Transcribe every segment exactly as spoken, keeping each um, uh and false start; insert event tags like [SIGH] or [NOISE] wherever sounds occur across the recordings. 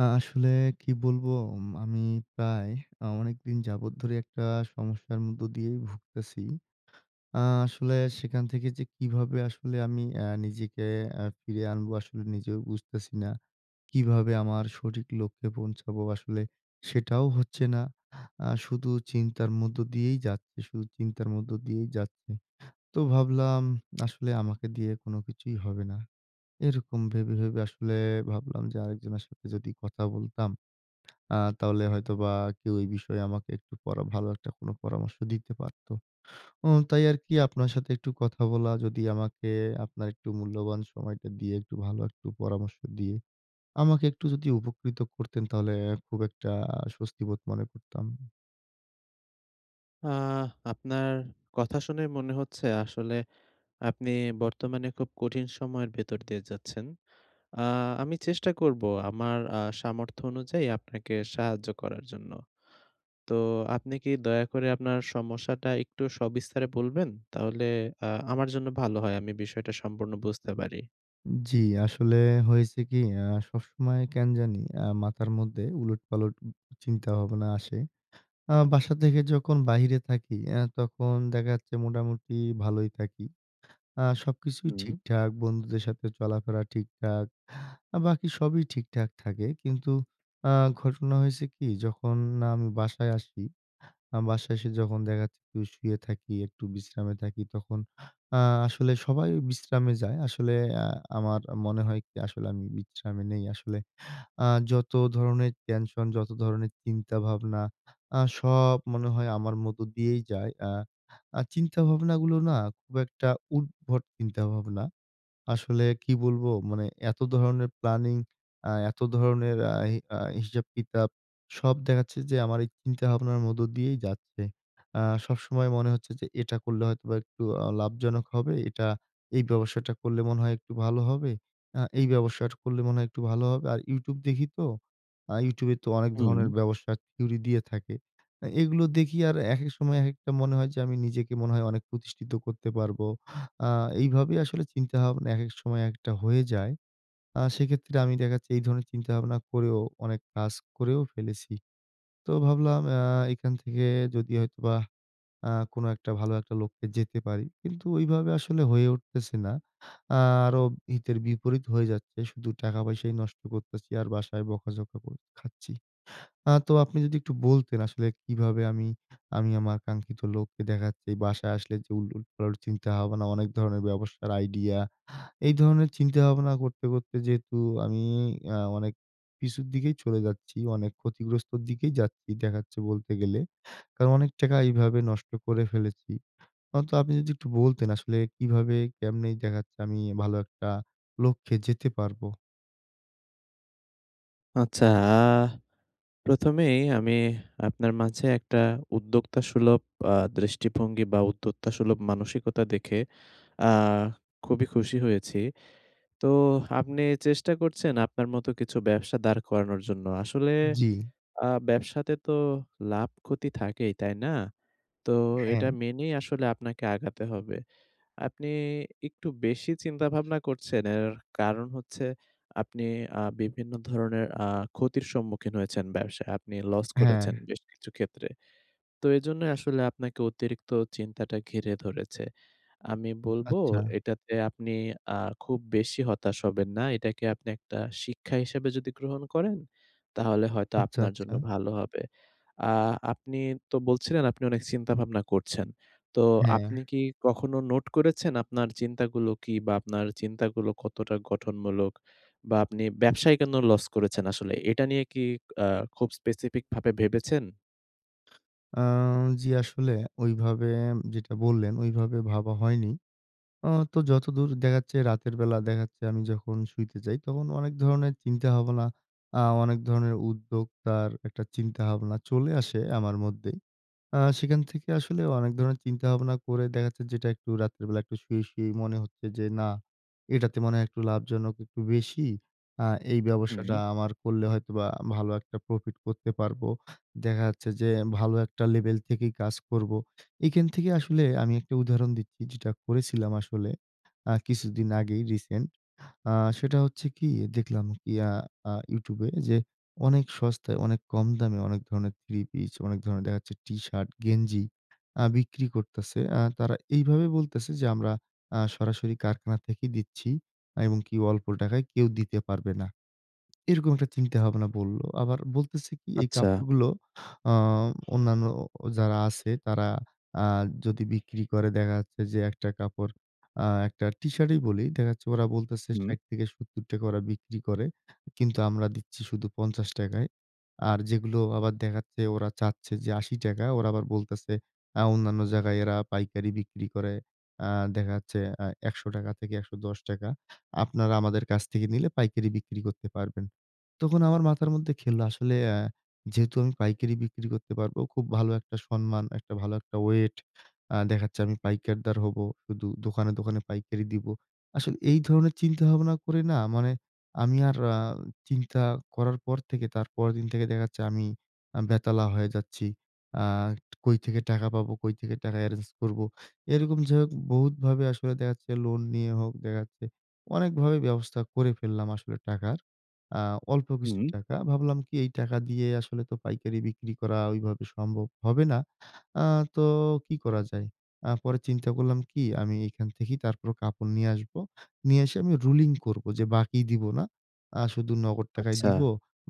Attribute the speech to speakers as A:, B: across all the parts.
A: আ আসলে কি বলবো উম আমি প্রায় আ অনেকদিন যাবৎ ধরে একটা সমস্যার মধ্য দিয়েই ভুগতেছি। আ আসলে সেখান থেকে যে কীভাবে আসলে আমি অ্যা নিজেকে অ্যা ফিরে আনবো আসলে নিজেও বুঝতেছি না। কীভাবে আমার সঠিক লক্ষ্যে পৌঁছাবো? আসলে সেটাও হচ্ছে না। আ শুধু চিন্তার মধ্য দিয়েই যাচ্ছে, শুধু চিন্তার মধ্য দিয়েই যাচ্ছে। তো ভাবলাম [SMACKS LIPS] আসলে আমাকে দিয়ে আর কোনো কিছুই হবে না। এরকম ভেবে, ভেবে আসলে ভাবলাম যে আরেকজনের সাথে যদি কথা বলতাম। [SMACKS LIPS] আ তাহলে হয়তোবা কেউ এ বিষয়ে আমাকে একটু পরা ভালো একটা কোন পরামর্শ দিতে পারত। উম তাই আরকি আপনার সাথে একটু কথা বলা যদি আমাকে আপনার একটু মূল্যবান সময়টা দিয়ে একটু ভালো একটু পরামর্শ দিয়ে, আমাকে একটু যদি উপকৃত করতেন তাহলে খুব একটা স্বস্তিবোধ মনে করতাম।
B: আ আপনার কথা শুনে মনে হচ্ছে আসলে আপনি বর্তমানে খুব কঠিন সময়ের ভেতর দিয়ে যাচ্ছেন। আ আমি চেষ্টা করব আমার আ সামর্থ্য অনুযায়ী আপনাকে সাহায্য করার জন্য। তো আপনি কি দয়া করে আপনার সমস্যাটা একটু সবিস্তারে বলবেন? তাহলে আ আমার জন্য ভালো হয়। আমি বিষয়টা সম্পূর্ণ বুঝতে পারি।
A: জি, আসলে হয়েছে কি? আ সবসময় কেন জানি আ মাথার মধ্যে উলটপালট চিন্তাভাবনা আসে। আ বাসা থেকে যখন বাইরে থাকি অ্যা তখন দেখা যাচ্ছে মোটামুটি ভালোই থাকি। আ সবকিছুই
B: হুম।
A: ঠিকঠাক। বন্ধুদের সাথে চলাফেরা ঠিকঠাক। বাকি সবই ঠিকঠাক থাকে কিন্তু আ ঘটনা হয়েছে কি? যখন আমি বাসায় আসি, আ বাসায় এসে যখন দেখা যাচ্ছে একটু শুয়ে থাকি, একটু বিশ্রামে থাকি তখন আ আসলে সবাই ওই বিশ্রামে যায়। আসলে আ আমার মনে হয় কি? আসলে আমি বিশ্রামে নেই আসলে আ যতো ধরণের টেনশন, যতো ধরনের চিন্তা ভাবনা আ সব মনে হয় আমার মধ্য দিয়েই যায়। আ আর চিন্তা ভাবনাগুলো না খুব একটা উদ্ভট চিন্তাভাবনা। আসলে কি বলবো? মানে এতো ধরনের প্ল্যানিং আ এত ধরণের আ হি আ হিসাব কিতাব সব দেখাচ্ছে যে আমার এই চিন্তা ভাবনার মধ্য দিয়েই যাচ্ছে। আ সবসময় মনে হচ্ছে যে এটা করলে হয়তোবা একটু আ লাভজনক হবে। এটা, এই ব্যবসাটা করলে মনে হয় একটু ভালো হবে। আ এই ব্যবসাটা করলে মনে হয় একটু ভালো হবে। আর YouTube দেখি তো আ YouTube এ তো অনেক
B: হুম।
A: ধরনের ব্যবসা থিওরি দিয়ে থাকে। আ এগুলো দেখি আর একেক সময় একেকটা মনে হয় যে, আমি নিজেকে মনে হয় অনেক প্রতিষ্ঠিত করতে পারবো। আ এইভাবেই আসলে চিন্তাভাবনা একেক সময় একেকটা হয়ে যায়। আ সেক্ষেত্রে আমি দেখা যাচ্ছে এই ধরনের চিন্তাভাবনা করেও অনেক কাজ করেও ফেলেছি। তো ভাবলাম আ এখান থেকে যোদি হয়তোবা আ কোনো একটা ভালো একটা লক্ষ্যে যেতে পারি। কিন্তু ওইভাবে আসলে হয়ে উঠতেছে না। আ আরো হিতের বিপরীত হয়ে যাচ্ছে। শুধু টাকা পয়সাই নষ্ট করতেছি আর বাসায় বকাঝকা কোর খাচ্ছি। আ তো আপনি যোদি একটু বলতেন আসলে কিভাবে আমি, আমি আমার কাঙ্ক্ষিত লক্ষ্যে দেখা যাচ্ছে বাসায় আসলে যে, উল উলট পালট চিন্তা হবে না, অনেক ধরণের ব্যবসার আইডিয়া এই ধরনের চিন্তা ভাবনা করতে, করতে যেহেতু আমি এ্যা অনেক পিছুর দিকেই চলে যাচ্ছি, অনেক ক্ষতিগ্রস্তর দিকেই যাচ্ছি, দেখাচ্ছে বলতে গেলে। কারণ অনেক টাকা এইভাবে নষ্ট করে ফেলেছি। হয়তো আপনি যদি একটু বলতেন আসলে কিভাবে কেমনে দেখাচ্ছে আমি ভালো একটা লক্ষ্যে যেতে পারবো?
B: আচ্ছা। আ প্রথম এই আমি আপনার মাঝে একটা উদ্যোক্তা সুলভ আ দৃষ্টিভঙ্গি বা, উদ্যোক্তা সুলভ মানসিকতা দেখে আ খুবই খুশি হয়েছি। তোহ আপনি চেষ্টা করছেন আপনার মতো কিছু ব্যবসা দাঁড় করানোর জন্য। আসলে
A: জ্বি।
B: আ ব্যবসাতে তো লাভ-ক্ষতি থাকেই, তাই না? তো এটা
A: হ্যাঁ।
B: মেনেই আসলে আপনাকে আগাতে হবে। আপনি একটু বেশি চিন্তা ভাবনা করছেন। এর কারণ হচ্ছে, আপনি আ বিভিন্ন ধরনের আ ক্ষতির সম্মুখীন হয়েছেন ব্যবসায় আপনি লস করেছেন
A: হ্যাঁ।
B: বেশ কিছু ক্ষেত্রে। তো এজন্যই আসলে আপনাকে অতিরিক্ত চিন্তাটা ঘিরে ধরেছে। আমি বলবো,
A: আচ্ছা।
B: "এটাতে আপনি আর খুব বেশি হতাশ হবেন না। এটাকে আপনি একটা শিক্ষা হিসেবে যদি গ্রহণ করেন, তাহলে হয়তো
A: আচ্ছা,
B: আপনার জন্য
A: আচ্ছা।
B: ভালো হবে।" আ আপনি তো বলছিলেন, "আপনি অনেক চিন্তা ভাবনা করছেন।" তো
A: হ্যাঁ।
B: আপনি কি কখনো নোট করেছেন আপনার চিন্তাগুলো কি? বা, আপনার চিন্তাগুলো কতটা গঠনমূলক? বা, আপনি ব্যবসায় কেন লস করেছেন আসলে? এ এটা নিয়ে কি আ খুব specific ভাবে ভেবেছেন?
A: আ জি, আসলে ঐভাবে যেটা বললেন, ঐভাবে ভাবা হয়নি। আ তো যতদূর দেখা যাচ্ছে রাতের বেলা দেখা যাচ্ছে আমি যখন শুইতে যাই, তখন অনেক ধরনের চিন্তা-ভাবনা আ অনেক ধরনের উদ্যোগতার একটা চিন্তা-ভাবনা চলে আসে আমার মধ্যেই। আ সেখান থেকে আসলেও অনেক ধরনের চিন্তা-ভাবনা করে দেখা যাচ্ছে, যেটা একটু রাতের বেলা একটু শুয়ে, শুয়েই মনে হচ্ছে যে, "না এটাতে মনে হয় একটু লাভজনক একটু বেশি। আ এই ব্যবসাটা
B: হুম।
A: আমার কল্লে হয়তোবা ভালো একটা প্রফিট করতে পারবো। দেখা যাচ্ছে যে ভালো একটা লেভেল থেকেই কাজ করবো।" এইখান থেকে আসলে আমি একটা উদাহরণ দিচ্ছি যেটা করেছিলাম আসলে, আ কিছুদিন আগেই রিসেন্ট। আ সেটা হচ্ছে কি? দেখলাম ইয়া আ YouTube এ যে অনেক সস্তায়, অনেক কম দামে, অনেক ধরনের থ্রি-পিস, অনেক ধরনের দেখা যাচ্ছে টি-শার্ট, গেঞ্জি আ বিক্রি করতেছে। আ তারা এইভাবে বলতেছে যে, "আমরা আ সরাসরি কারখানা থেকে দিচ্ছি এবং কি অল্প টাকায় কেউ দিতে পারবে না।" এরকম একটা চিন্তা-ভাবনা বলল। আবার বলতেছে কি? এই
B: আচ্ছা।
A: কাপড়গুলো আ অন্যান্য ও যারা আছে তারা আ যদি বিক্রি করে দেখা যাচ্ছে যে, একটা কাপড় আ একটা টি-শার্টই বলি, দেখাচ্ছে ওরা বলতেছে
B: হুম।
A: ষাইট থেকে সত্তর টাকা ওরা বিক্রি করে। কিন্তু আমরা দিচ্ছি শুধু পঞ্চাশ টাকা -য়। আর যেগুলো আবার দেখা যাচ্ছে ওরা চাচ্ছে যে আশি টাকা ওরা আবার বলতেছে, আ অন্যান্য জায়গায় এরা পাইকারি বিক্রি করে। আ দেখা যাচ্ছে অ্যা একশ থেকে একশো দশ টাকা, "আপনারা আমাদের কাছ থেকে নিলে পাইকারি বিক্রি করতে পারবেন।" তখন আমার মাথার মধ্যে খেলল, আসলে অ্যা যেহেতু আমি পাইকারি বিক্রি করতে পারবো, খুব ভালো একটা সম্মান, একটা ভালো একটা ওয়েট, আ দেখা যাচ্ছে আমি পাইকারদার হবো। শুধু দোকানে, দোকানে পাইকারি দিবো। আসলে এই ধরনের চিন্তা-ভাবনা করে না, মানে আমি আর আ চিন্তা করার পর থেকে তার পরেরদিন থেকে দেখা যাচ্ছে আমি, আমি বেতালা হয়ে যাচ্ছি। আ কই থেকে টাকা পাবো, কই থেকে টাকা এরেঞ্জ করবো? এরকম যাইহোক বহুত ভাবে আসলে দেখা যাচ্ছে লোন নিয়ে হোক দেখা যাচ্ছে অনেকভাবে ব্যবস্থা করে ফেললাম আসলে টাকার। আ অল্প কিছু
B: হুম।
A: টাকা। ভাবলাম কি? এই টাকা দিয়ে আসলে তো পাইকারি বিক্রি করা ঐভাবে সম্ভব হবে না। আ তো কি করা যায়? আ পরে চিন্তা করলাম কি? আমি এখান থেকেই তারপরো কাপড় নিয়ে আসব। নিয়ে এসে আমি রুলিং করবো যে বাকি দিবো না। আ শুধু নগদ টাকায়
B: আচ্ছা।
A: দিব।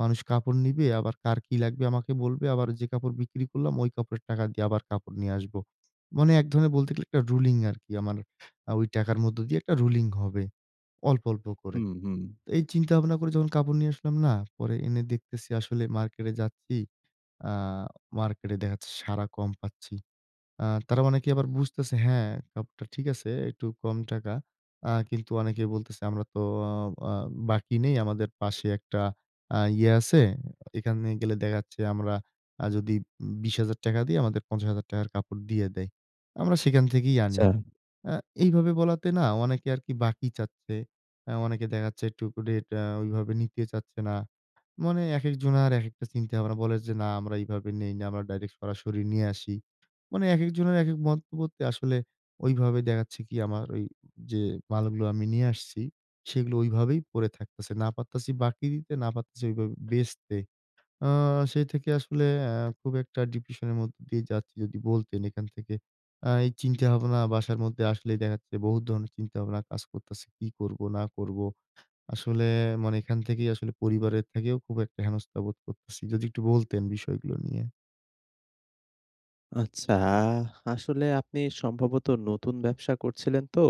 A: মানুষ কাপড় নিবে, আবার কার কি লাগবে আমাকে বলবে। আবার যে কাপড় বিক্রি করলাম ঐ কাপড়ের টাকা দিয়ে আবার কাপড় নিয়ে আসবো। মানে এক ধরনের বলতে গেলে একটা রুলিং আরকি, আমার আ ঐ টাকার মধ্যে দিয়ে একটা রুলিং হবে। অল্প, অল্প করে।
B: হুম, হুম।
A: এই চিন্তা-ভাবনা করে যখন কাপড় নিয়ে আসলাম না, পরে এনে দেখতেছি, আসলে মার্কেটে যাচ্ছি আ মার্কেটে দেখা যাচ্ছে সাড়া কম পাচ্ছি। আ তারা অনেকে আবার বুঝতেছে হ্যাঁ, কাপড়টা ঠিক আছে, একটু কম টাকা। আ কিন্তু অনেকে বলতেছে, "আমরা তো অ আ বাকি নেই। আমাদের পাশে একটা আ ইয়ে আছে। এখানে গেলে দেখাচ্ছে আমরা আ যদি আ বিশ হাজার টাকা দেই, আমাদের পঞ্চাশ হাজার টাকা -র কাপড় দিয়ে দেয়। আমরা সেখান থেকেই আনি।"
B: আচ্ছা।
A: আ এইভাবে বলাতে না অনেকে আরকি বাকি চাচ্ছে। আ অনেকে দেখা যাচ্ছে একটুকু রেট আ ঐভাবে নিতে চাচ্ছে না। মানে একেকজনার একেকটা চিন্তা-ভাবনা বলে যে, "না আমরা এইভাবে নেই না, আমরা ডাইরেক্ট সরাসরি নিয়ে আসি।" মানে একেকজনের একেক মন্তব্যতে আসলে ঐভাবে দেখাচ্ছে কি? আমার ঐযে মালগুলো আমি নিয়ে আসছি, সেগুলো ঐভাবেই পড়ে থাকতেছে। না পারতেছি বাকি দিতে, না পারতেছি ঐভাবে বেচতে। আ সেই থেকে আসলে অ্যা খুব একটা ডিপ্রেশনের মধ্যে দিয়ে যাচ্ছি। যদি বলতেন, এখান থেকে আ এই চিন্তা-ভাবনা, বাসার মধ্যে আসলেই দেখা যাচ্ছে বহুত ধরনের চিন্তা-ভাবনা কাজ করতাছি, কি করব না করব? আসলে মানে এখান থেকেই আসলে পরিবারের থেকেও খুব একটা হেনস্থা বোধ করতেছি। যদি একটু বলতেন বিষয়গুলো নিয়ে।
B: আচ্ছা, আসলে আপনি সম্ভবত নতুন ব্যবসা করছিলেন তো,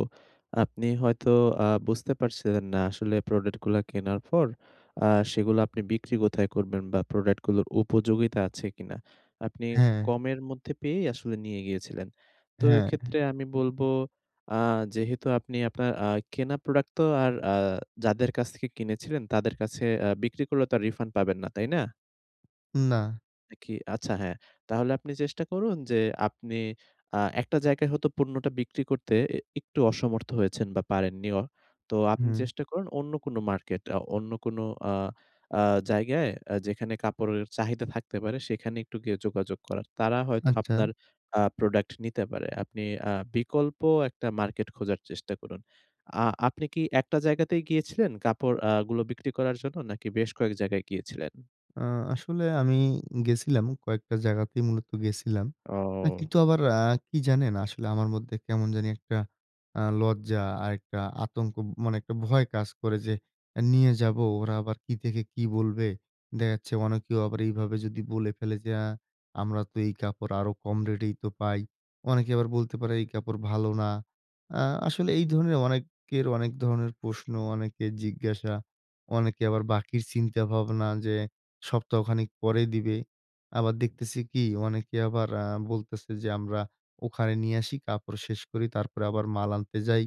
B: আপনি হয়তো আ বুঝতে পারছিলেন না আসলে প্রোডাক্ট গুলা কেনার পর আ সেগুলো আপনি বিক্রি কোথায় করবেন? বা প্রোডাক্ট গুলোর উপযোগিতা আছে কিনা? আপনি
A: হ্যাঁ।
B: কমের মধ্যে পেয়েই আসলে নিয়ে গিয়েছিলেন। তো
A: হ্যাঁ।
B: এক্ষেত্রে আমি বলবো আ যেহেতু আপনি আপনার আ কেনা প্রোডাক্ট তো আর আ যাদের কাছ থেকে কিনেছিলেন তাদের কাছে আ বিক্রি করলে তো রিফান্ড পাবেন না? তাই না?
A: না।
B: নাকি আচ্ছা হ্যাঁ, তাহলে আপনি চেষ্টা করুন যে আপনি আ একটা জায়গায় হয়তো পণ্যটা বিক্রি করতে অ্যা একটু অসমর্থ হয়েছেন বা পারেন নিও। তো আপনি
A: হুম।
B: চেষ্টা করুন অন্য কোন মার্কেট, আ অন্য কোন আ আ জায়গায় আ যেখানে কাপড়ের চাহিদা থাকতে পারে সেখানে একটু গিয়ে যোগাযোগ করার। তারা হয়তো
A: আচ্ছা।
B: আপনার আ প্রোডাক্ট নিতে পারে। আপনি আ বিকল্প একটা মার্কেট খোঁজার চেষ্টা করুন। আ আপনি কি একটা জায়গাতেই গিয়েছিলেন কাপড় আ গুলো বিক্রি করার জন্য? নাকি বেশ কয়েক জায়গায় গিয়েছিলেন?
A: আ আসলে আমি গেসিলাম কয়েকটা জায়গাতেই মূলত গেসিলাম। কিন্তু
B: ও!
A: আবার আ কি জানেন? আসলে আমার মধ্যে কেমন জানি একটা আ লজ্জা আর একটা আতঙ্ক মানে একটা ভয় কাজ করে যে, "এ নিয়ে যাবো, ওরা আবার কি থেকে কি বলবে?" দেখা যাচ্ছে অনেকেও আবার এইভাবে যদি বলে ফেলে যে, "আ আমরা তো এই কাপড় আরো কম রেটেই তো পাই।" অনেকে আবার বলতে পারে, "এই কাপড় ভালো না।" আ আসলে এই ধরনের অনেকের অনেক ধরনের প্রশ্ন, অনেকের জিজ্ঞাসা, অনেকে আবার বাকির চিন্তা ভাবনা যে সপ্তাহখানেক পরে দিবে। আবার দেখতেছি কি? অনেকে আবার আ বলতেছে যে, "আমরা ওখানে নিয়ে আসি, কাপড় শেষ করি তারপরে আবার মাল আনতে যাই।"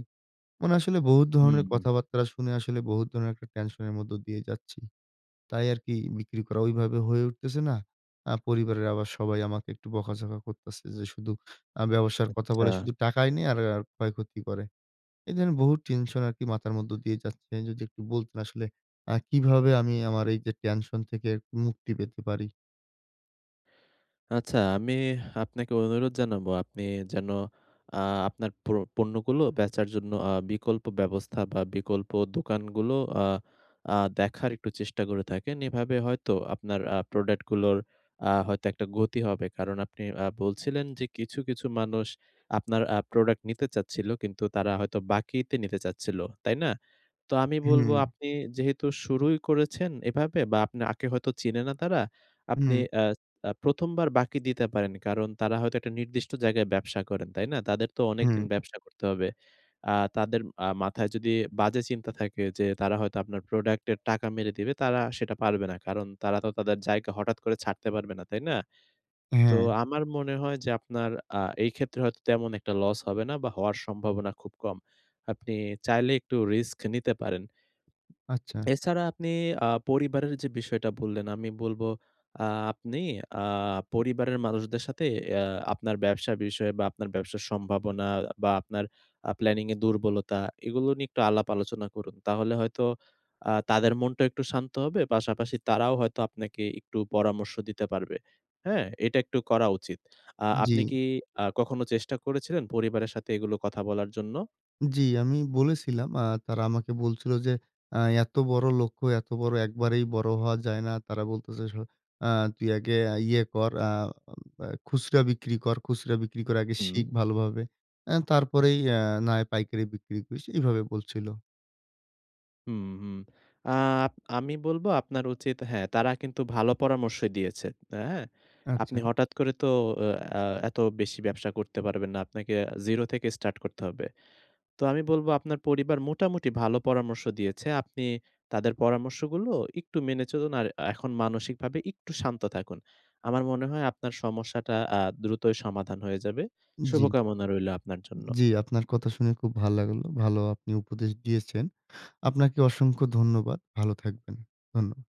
A: মানে আসলে বহুত
B: হুম,
A: ধরনের
B: হু।
A: কথাবাত্রা শুনে আসলে বহুত ধরনের একটা টেনশন এর মধ্য দিয়েই যাচ্ছি, তাই আরকি বিক্রি করা ঐভাবে হয়ে উঠতেছে না। আ পরিবারের আবার সবাই আমাকে একটু বকাঝকা করতেছে যে শুধু আ ব্যবসার কথা বলে
B: আচ্ছা।
A: শুধু টাকাই নি আর, আর ক্ষয়ক্ষতি করে। এই ধরনের বহুত টেনশন আরকি মাথার মধ্য দিয়ে যাচ্ছে, যদি একটু বলতেন আসলে আ কিভাবে আমি আমার এই যে টেনশন থেকে মুক্তি পেতে পারি?
B: আচ্ছা, আমি আপনাকে অনুরোধ জানাবো, আপনি যেন আ আপনার প্রো পণ্যগুলো বেচার জন্য আ বিকল্প ব্যবস্থা বা, বিকল্প দোকানগুলো আ আ দেখার একটু চেষ্টা করে দেখেন। এভাবে হয়তো আপনার আ প্রোডাক্টগুলোর আ হয়তো একটা গতি হবে। কারণ, আপনি আ বলছিলেন যে, কিছু, কিছু মানুষ আপনার আ প্রোডাক্ট নিতে চাচ্ছিল, কিন্তু তারা হয়তো বাকিতে নিতে চাচ্ছিল। তাই না? তো আমি বলবো,
A: হুম।
B: আপনি যেহেতু শুরুই করেছেন এভাবে বা, আপনাকে হয়তো চিনে না তারা, আপনি
A: হুম।
B: অ্যা এ প্রথমবার বাকি দিতে পারেন। কারণ, তারা হয়তো একটা নির্দিষ্ট জায়গায় ব্যবসা করেন। তাই না? তাদের তো অনেকদিন
A: হুম।
B: ব্যবসা করতে হবে। আ তাদের আ মাথায় যদি বাজে চিন্তা থাকে, যে তারা হয়তো আপনার প্রোডাক্টের টাকা মেরে দিবে, তারা সেটা পারবে না। কারণ, তারা তো তাদের জায়গা হঠাৎ করে ছাড়তে পারবে না। তাই না? তো
A: হ্যাঁ।
B: আমার মনে হয় যে, আপনার আ এইক্ষেত্রে হয়তো তেমন একটা লস হবে না বা, হওয়ার সম্ভাবনা খুব কম। আপনি চাইলে একটু রিস্ক নিতে পারেন।
A: আচ্ছা।
B: এছাড়া আপনি আ পরিবারের যে বিষয়টা বললেন, আমি বলবো, আ আপনি আ পরিবারের মানুষদের সাথে আ আপনার ব্যবসার বিষয়ে বা, আপনার ব্যবসার সম্ভাবনা বা, আপনার আ প্ল্যানিংয়ের দুর্বলতা, এগুলো নিয়ে একটু আলাপ আলোচনা করুন। তাহলে হয়তো আ তাদের মনটাও একটু শান্ত হবে। পাশাপাশি তারাও হয়তো আপনাকে একটু পরামর্শ দিতে পারবে, হ্যাঁ? এটা একটু করা উচিত। আ
A: জ্বি।
B: আপনি কি আ কখনো চেষ্টা করেছিলেন পরিবারের সাথে এগুলো কথা বলার জন্য?
A: জ্বি, আমি বলেছিলাম। আ তারা আমাকে বলছিল যে, "আ এত বড় লক্ষ্য, এত বড় একবারেই বড় হওয়া যায় না।" তারা বলতেছে স, "আ তুই আগে আ ইয়ে কর। আ আম খুচরা বিক্রি কর। খুচরা বিক্রি কর আগে,
B: হুম।
A: শিখ ভালোভাবে। অ্যা তারপরেই এ না পাইকারি বিক্রি করিস।" এইভাবে বলছিল।
B: হুম, হুম। আপ আমি বলবো, আপনার উচিত হ্যাঁ, তারা কিন্তু ভালো পরামর্শ দিয়েছে। এ হ্যাঁ? আপনি
A: আচ্ছা।
B: হঠাৎ করে তো আ অ্যা এত বেশি ব্যবসা করতে পারবেন না। আপনাকে এ জিরো থেকে স্টার্ট করতে হবে। তো আমি বলবো, আপনার পরিবার মোটামুটি ভালো পরামর্শ দিয়েছে। আপনি তাদের পরামর্শগুলো একটু মেনে চলুন। আর আ এখন মানসিকভাবে একটু শান্ত থাকুন। আমার মনে হয় আপনার সমস্যাটা আ দ্রুতই সমাধান হয়ে যাবে।
A: জ্বি।
B: শুভকামনা রইলো আপনার জন্য।
A: জ্বি, আপনার কথা শুনে খুব ভাল লাগলো। ভালো আপনি উপদেশ দিয়েছেন। আপনাকে অসংখ্য ধন্যবাদ। ভালো থাকবেন। ধন্যবাদ।